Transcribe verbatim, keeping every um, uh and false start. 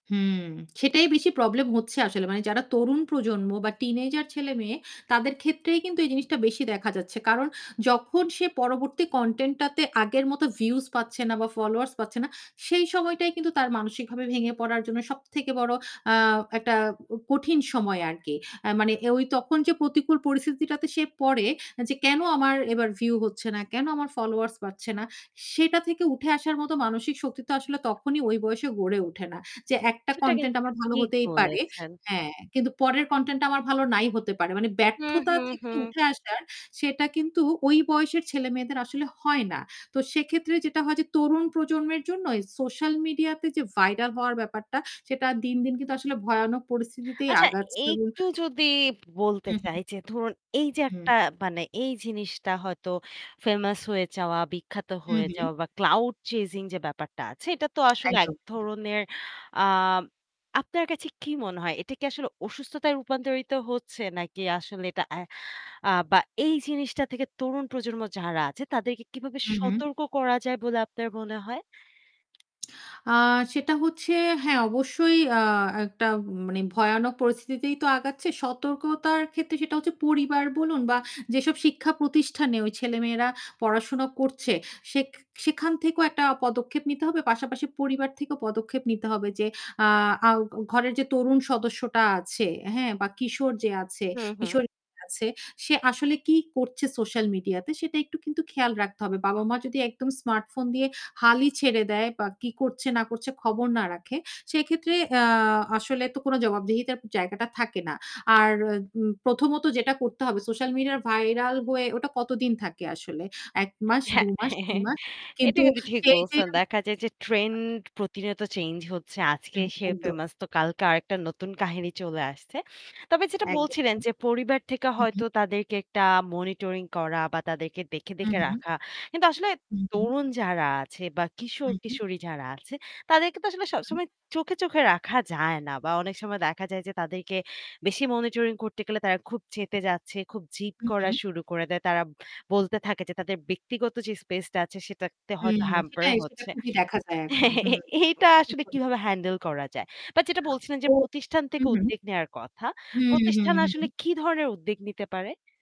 হুম, সেটাই বেশি প্রবলেম হচ্ছে আসলে। মানে যারা তরুণ প্রজন্ম বা টিনেজার ছেলে-মেয়ে তাদের ক্ষেত্রেই কিন্তু এই জিনিসটা বেশি দেখা যাচ্ছে। কারণ যখন সে পরবর্তী কনটেন্টটাতে আগের মত ভিউজ পাচ্ছে না বা ফলোয়ার্স পাচ্ছে না, সেই সময়টাই কিন্তু তার মানসিকভাবে ভেঙে পড়ার জন্য সবথেকে বড় আ একটা উ কঠিন সময় আরকি। আ মানে ঐ তখন যে প্রতিকূল পরিস্থিতিটাতে সে পড়ে যে, "কেনো আমার এবার ভিউ হচ্ছে না। কেনো আমার ফলোয়ার্স বাড়ছে না।" সেটা থেকে উঠে আসার মতো মানসিক শক্তি তো আসলে তখনই ওই বয়সে গড়ে ওঠে না। যে একটা কনটেন্ট আমার ভালো ঠিক হতেই পারে বলেছেন। হ্যাঁ, কিন্তু পরের কনটেন্টটা আমার ভালো নাই হতে পারে। মানে হু, ব্যর্থতা হু, থেকে হু। উঠে আসার সেটা কিন্তু ওই বয়সের ছেলে-মেয়েদের আসলে হয় না। তো সেক্ষেত্রে যেটা হয় যে তরুণ প্রজন্মের জন্য সোশ্যাল মিডিয়াতে যে ভাইরাল হওয়ার ব্যাপারটা সেটা দিনদিন কিন্তু আসলে ভয়ানক পরিস্থিতিতেই আচ্ছা, আগাচ্ছে এবং একটু যদি বলতে হু, হু। চাই যে ধরুন এইযে হুম। একটা মানে এই জিনিসটা হয়তো ফেমাস হয়ে যাওয়া, বিখ্যাত হু, হয়ে হু। যাওয়া বা ক্লাউড চেজিং যে ব্যাপারটা আছে এটা তো আসলে এক একদম। হু। ধরনের আ আপনার কাছে কি মনে হয়? এটা কি আসলে অসুস্থতায় রূপান্তরিত হচ্ছে নাকি আসলে এটা এ আ বা এই জিনিসটা থেকে তরুণ প্রজন্ম যারা আছে তাদেরকে কিভাবে হু, হু। সতর্ক করা যায় বলে আপনার মনে হয়? আ সেটা হচ্ছে, হ্যাঁ, অবশ্যই আ একটা মানে ভয়ানক পরিস্থিতিতেই তো আগাচ্ছে। সতর্কতার ক্ষেত্রে সেটা হচ্ছে পরিবার বলুন বা যেসব শিক্ষা প্রতিষ্ঠানে ওই ছেলেমেয়েরা পড়াশোনা করছে সেক সেখান থেকেও একটা পদক্ষেপ নিতে হবে। পাশাপাশি পরিবার থেকেও পদক্ষেপ নিতে হবে যে আ আ ঘ ঘরের যে তরুণ সদস্যটা আছে, হ্যাঁ? বা কিশোর যে আছে হু, হু। কিশোরী যে আছে সে আসলে কি করছে সোশ্যাল মিডিয়াতে সেটা একটু কিন্তু খেয়াল রাখতে হবে। বাবা-মা যদি একদম স্মার্টফোন দিয়ে হালই ছেড়ে দেয় বা কি করছে না করছে খবর না রাখে। সেক্ষেত্রে আ আসলে তো কোনো জবাবদিহিতার জায়গাটা থাকে না। আর উ প্রথমত যেটা করতে হবে সোশ্যাল মিডিয়া ভাইরাল হয়ে ওটা কতদিন থাকে আসলে? এক এ মাস, হ্যাঁ, দু মাস, তিন মাস। এটা কিন্তু কিন্তু ঠিক সেই যে বলছেন। দেখা যায় যে [unintelligible] ট্রেন্ড প্রতিনিয়ত চেঞ্জ হচ্ছে। আজকে হুম, সে একদম। ফেমাস তো কালকে আরেকটা নতুন কাহিনী চলে আসছে। তবে যেটা একদম বলছিলেন তাই। যে পরিবার থেকে হু, হু। হয়তো তাদেরকে একটা মনিটরিং করা বা তাদেরকে দেখে, হু, দেখে হু। রাখা। কিন্তু আসলে হু, হু। তরুণ যারা আছে বা হু, হু। কিশোর-কিশোরী যারা আছে তাদেরকে তো আসলে হু। সবসময় চোখে, চোখে রাখা যায় না। বা অনেক সময় দেখা যায় যে তাদেরকে বেশি মনিটরিং করতে গেলে তারা খুব চেতে যাচ্ছে, খুব জিদ হু, করা হু। শুরু করে দেয়। তারা বলতে থাকে যে তাদের ব্যক্তিগত যে স্পেসটা আছে সেটাতে হয়তো হুম, হ্যাম্পার সেটাই সেটা হচ্ছে। খুবই দেখা যায় এখন। হু, এটা ঠিক আসলে কিভাবে বলেছেন আপনি। হ্যান্ডেল করা যায়? বাট যেটা বলছিলেন যে ও প্রতিষ্ঠান হু, থেকে হু। উদ্দেগ নেওয়ার কথা। হুম, হুম, প্রতিষ্ঠান আসলে হুম। কি ধরনের উদ্দেগ নিতে পারে?